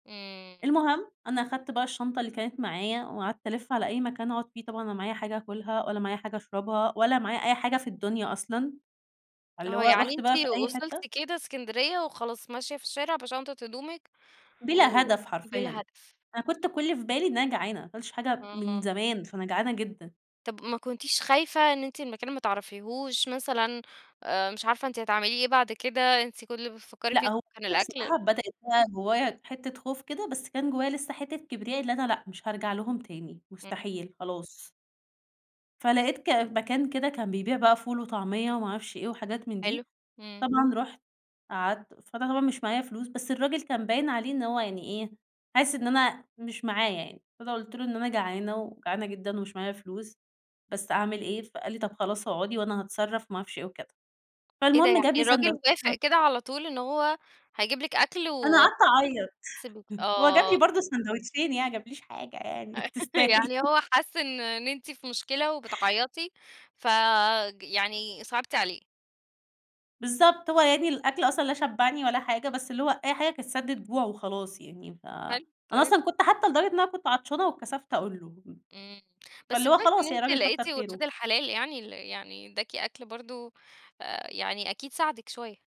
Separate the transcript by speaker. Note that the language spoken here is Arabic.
Speaker 1: إمم.
Speaker 2: المهم، أنا اخدت بقى الشنطة اللي كانت معايا، وقعدت ألِفّ على أي مكان أقعد فيه، طبعًا أنا لا معايا حاجة اكلها ولا معايا حاجة اشربها ولا معايا أي حاجة في الدنيا أصلًا. فاللي
Speaker 1: آه
Speaker 2: هو
Speaker 1: يعني
Speaker 2: رُحت بقى في
Speaker 1: أنتِ
Speaker 2: أي حتّة؟
Speaker 1: وصلتِ كده إسكندرية وخلاص ماشية في الشارع بشنطة هدومِك، و
Speaker 2: بلا هدف
Speaker 1: بلا
Speaker 2: حرفيًا،
Speaker 1: هدف.
Speaker 2: أنا كنت كل اللي في بالي إن أنا جعانة، ما اكلتش حاجة من
Speaker 1: امم.
Speaker 2: زمان فأنا جعانة جدًا.
Speaker 1: طَب ما كنتيش خايفة إن أنتِ المكان ما تعرفيهوش مثلًا آآ، مش عارفة أنتِ هتعملي إيه بعد كده، أنتِ كل اللي بتفكري
Speaker 2: لأ
Speaker 1: فيه
Speaker 2: هو
Speaker 1: كان
Speaker 2: أنا
Speaker 1: الأكل
Speaker 2: الصراحة بدأت بقى جوايّا حتّة خوف كده بس كان جوايّا لسّه حتّة كبرياء اللي أنا لأ مش هارجع لهم تاني،
Speaker 1: إمم.
Speaker 2: مستحيل، خلاص. فلَقيت ك مكان كده كان بيبيع بقى فول وطعمية وما اعرفش إيه وحاجات من
Speaker 1: حلو،
Speaker 2: دي،
Speaker 1: إمم.
Speaker 2: طبعًا رُحت، قعدت، فأنا طبعًا مش معايا فلوس بس الراجل كان باين عليه إن هو يعني إيه حاسس إن أنا مش معايا يعني، فأنا قلت له إن أنا جعانة وجعانة جدًا ومش معايا فلوس بس أعمل إيه، فقال لي: "طَب خلاص اقعدي وأنا هاتصرّف،" وما اعرفش إيه وكده،
Speaker 1: إيه ده
Speaker 2: فالمهم
Speaker 1: يعني
Speaker 2: جاب لي
Speaker 1: الراجل وافق
Speaker 2: ساندوتشين [unintelligible]
Speaker 1: كده على طول إن هو هيجيب لِك أكل
Speaker 2: أنا
Speaker 1: و
Speaker 2: قعدت اعيط،
Speaker 1: سب
Speaker 2: هو جاب
Speaker 1: آه.
Speaker 2: لي برضو ساندوتشين يعني ما جابليش حاجة يعني تستاهل.
Speaker 1: يعني هو حَس إن إن أنتِ في مشكلة وبتعيّطِي فج يعني صِعبتِ عليه.
Speaker 2: بالضبط هو يعني الأكْل أصلًا لا شبّعني ولا حاجة، بس اللي هو أي حاجة كانت سدّة جوع وخلاص يعني، ف
Speaker 1: حلو،
Speaker 2: أنا
Speaker 1: طيب
Speaker 2: أصلًا كنت حتّى لدرجة إن انا كنت عطشانة واتكسفت أقول له.
Speaker 1: إمم، بس
Speaker 2: فاللي هو
Speaker 1: كويس إن
Speaker 2: خلاص يعني
Speaker 1: أنتِ
Speaker 2: راجل كتر
Speaker 1: لقيتِ ولاد
Speaker 2: خيره.
Speaker 1: الحلال يعني ال يعني اداكِ أكل برضو آآ، يعني أكيد ساعدِك شويّة.